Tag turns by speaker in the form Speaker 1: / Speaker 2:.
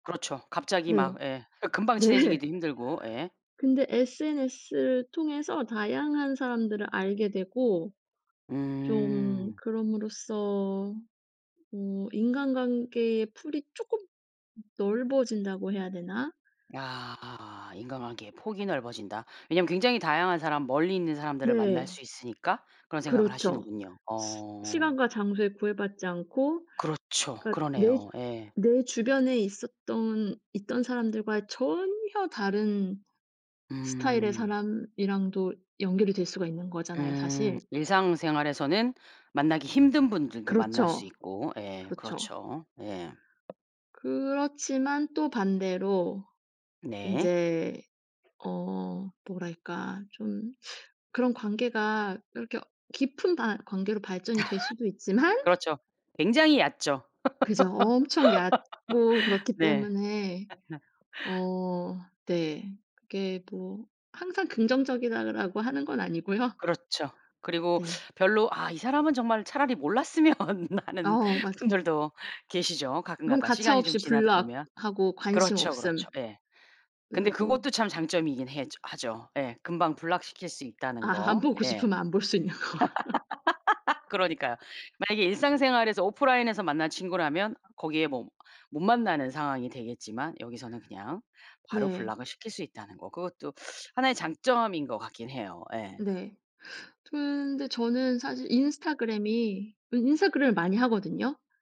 Speaker 1: 그렇죠. 갑자기
Speaker 2: 네.
Speaker 1: 막 예. 어 금방
Speaker 2: 네.
Speaker 1: 친해지기도 힘들고 예.
Speaker 2: 근데 SNS를 통해서 다양한 사람들을 알게 되고 좀
Speaker 1: 음.
Speaker 2: 그럼으로써 뭐 인간관계의 풀이 쪼끔 넓어진다고 해야 되나?
Speaker 1: 아 인간관계의 폭이 넓어진다. 왜냐하면 굉장히 다양한 사람, 멀리 있는 사람들을 만날
Speaker 2: 네.
Speaker 1: 수 있으니까 그런 생각을
Speaker 2: 그렇죠.
Speaker 1: 하시는군요.
Speaker 2: 시
Speaker 1: 어.
Speaker 2: 시간과 장소에 구애받지 않고
Speaker 1: 그렇죠.
Speaker 2: 그러니까 내 주
Speaker 1: 그러네요. 예.
Speaker 2: 내 주변에 있었던 있던 사람들과 전혀 다른 스타일의
Speaker 1: 음.
Speaker 2: 사람이랑도 연결이 될 수가 있는 거잖아요
Speaker 1: 음.
Speaker 2: 사실.
Speaker 1: 일상생활에서는 만나기 힘든 분들도 만날 수
Speaker 2: 그렇죠.
Speaker 1: 있고 예
Speaker 2: 그렇죠.
Speaker 1: 그렇죠. 예.
Speaker 2: 그렇지만 또 반대로
Speaker 1: 네.
Speaker 2: 인제 어 뭐랄까 좀 그런 관계가 그렇게 어 깊은 바 관계로 발전이 될 수도 있지만
Speaker 1: 그렇죠. 굉장히 얕죠.
Speaker 2: 그죠. 엄청 얕고 그렇기
Speaker 1: 네.
Speaker 2: 때문에 어 네. 그게 뭐 '항상 긍정적이다.'라고 하는 건 아니고요.
Speaker 1: 그렇죠. 그리고
Speaker 2: 네.
Speaker 1: 별로 '아 이 사람은 정말 차라리 몰랐으면.' 하는
Speaker 2: 어 맞아
Speaker 1: 분들도 계시죠
Speaker 2: 그럼
Speaker 1: 가끔가다. 시간이 좀
Speaker 2: 가차없이
Speaker 1: 지나다 보면.
Speaker 2: block하고 관심
Speaker 1: 그렇죠,
Speaker 2: 없음
Speaker 1: 그렇죠. 예. 근데
Speaker 2: 누르고.
Speaker 1: 그것도 참 장점이긴 해죠 하죠. 예. 금방 block시킬 수 있다는
Speaker 2: 아 안
Speaker 1: 거.
Speaker 2: 보고
Speaker 1: 예.
Speaker 2: 싶으면 안 볼 수 있는 거.
Speaker 1: 그러니까요. 만약에 일상생활에서 오프라인에서 만난 친구라면 거기에 뭐 못 만나는 상황이 되겠지만 여기서는 그냥 바로
Speaker 2: 네.
Speaker 1: block을 시킬 수 있다는 거. 그것도 하나의 장점인 것 같긴 해요. 예.
Speaker 2: 네. 저는 근데 저는 사실 인스타그램이 이 인스타그램을 많이 하거든요.